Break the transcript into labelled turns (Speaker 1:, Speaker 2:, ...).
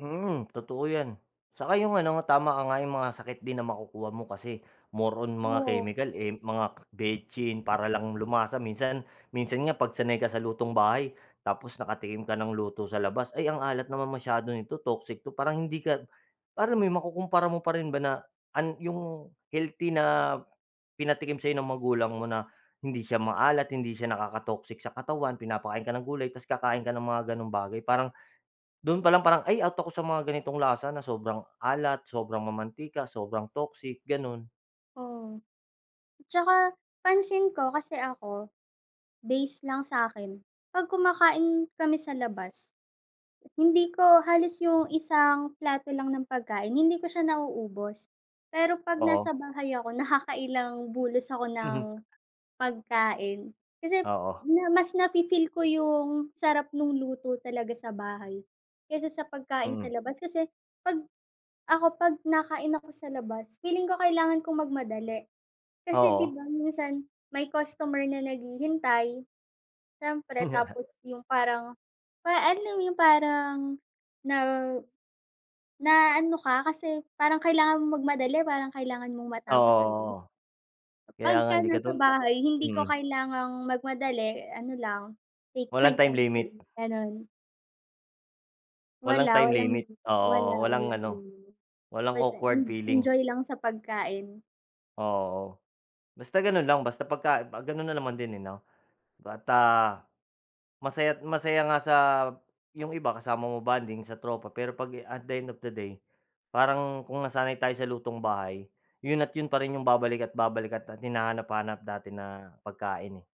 Speaker 1: Mhm, totoo 'yan. Saka 'yung ano nga, tama ka nga, 'yung mga sakit din na makukuha mo kasi, more on mga
Speaker 2: Oo.
Speaker 1: chemical, eh, mga betsin para lang lumasa. Minsan minsan nga, 'pag sanay ka sa lutong bahay, tapos nakatikim ka ng luto sa labas, "Ay, ang alat naman masyado nito, toxic 'to", parang hindi ka, alam mo 'yon, makukumpara mo pa rin ba na an 'yung, healthy na, pinatikim sa'yo ng magulang mo na, hindi siya maalat, hindi siya nakaka-toxic sa katawan, pinapakain ka ng gulay, tapos kakain ka ng mga gano'ng bagay, parang, do'n pa lang, parang, "Ay, out ako sa mga ganitong lasa na sobrang alat, sobrang mamantika, sobrang toxic", gano'n.
Speaker 2: Oo. At saka, pansin ko, kasi ako, base lang sa'kin, 'pag kumakain kami sa labas, hindi ko halos 'yung isang plato lang ng pagkain, hindi ko siya nauubos, pero 'pag
Speaker 1: Oo.
Speaker 2: nasa bahay ako, nakakailang bulos ako ng
Speaker 1: Mhm.
Speaker 2: pagkain. Kasi,
Speaker 1: Oo.
Speaker 2: niya mas na-fi-feel ko 'yung sarap no'ng luto talaga sa bahay, kaysa sa pagkain sa
Speaker 1: Mm.
Speaker 2: labas, kasi 'pag ako, 'pag nakain ako sa labas, feeling ko kailangan kong magmadali kasi, 'di
Speaker 1: Oo.
Speaker 2: ba, minsan may customer na naghihintay, siyempre. Tapos 'yung parang, para alam mo 'yung parang, na naano ka, kasi parang kailangan mong magmadali, parang kailangan mong
Speaker 1: Ah,
Speaker 2: matapos agad.
Speaker 1: oo, kaya nga,
Speaker 2: Kapagka
Speaker 1: hindi
Speaker 2: nasa
Speaker 1: katul
Speaker 2: bahay, hindi ko
Speaker 1: mm.
Speaker 2: kailangang magmadali, ano lang, take
Speaker 1: Walang
Speaker 2: my
Speaker 1: time
Speaker 2: time to
Speaker 1: limit.
Speaker 2: eat, gano'n.
Speaker 1: Walang
Speaker 2: Wala,
Speaker 1: time
Speaker 2: walang
Speaker 1: limit,
Speaker 2: wala,
Speaker 1: oo, o walang
Speaker 2: walang
Speaker 1: ano,
Speaker 2: gano'n,
Speaker 1: walang
Speaker 2: basta
Speaker 1: awkward
Speaker 2: en
Speaker 1: feeling.
Speaker 2: enjoy lang sa pagkain.
Speaker 1: O, oo, basta gano'n lang, basta pagka ah, gano'n na naman din, eh, 'no, bata masaya't masaya nga sa 'yong iba kasama mo mag-bonding sa tropa, pero 'pag at the end of the day parang kung nasanay tayo sa lutong bahay, 'yon at 'yon pa rin 'yung babalika't babalikan, at hinahanap-hanap natin na pagkain, eh.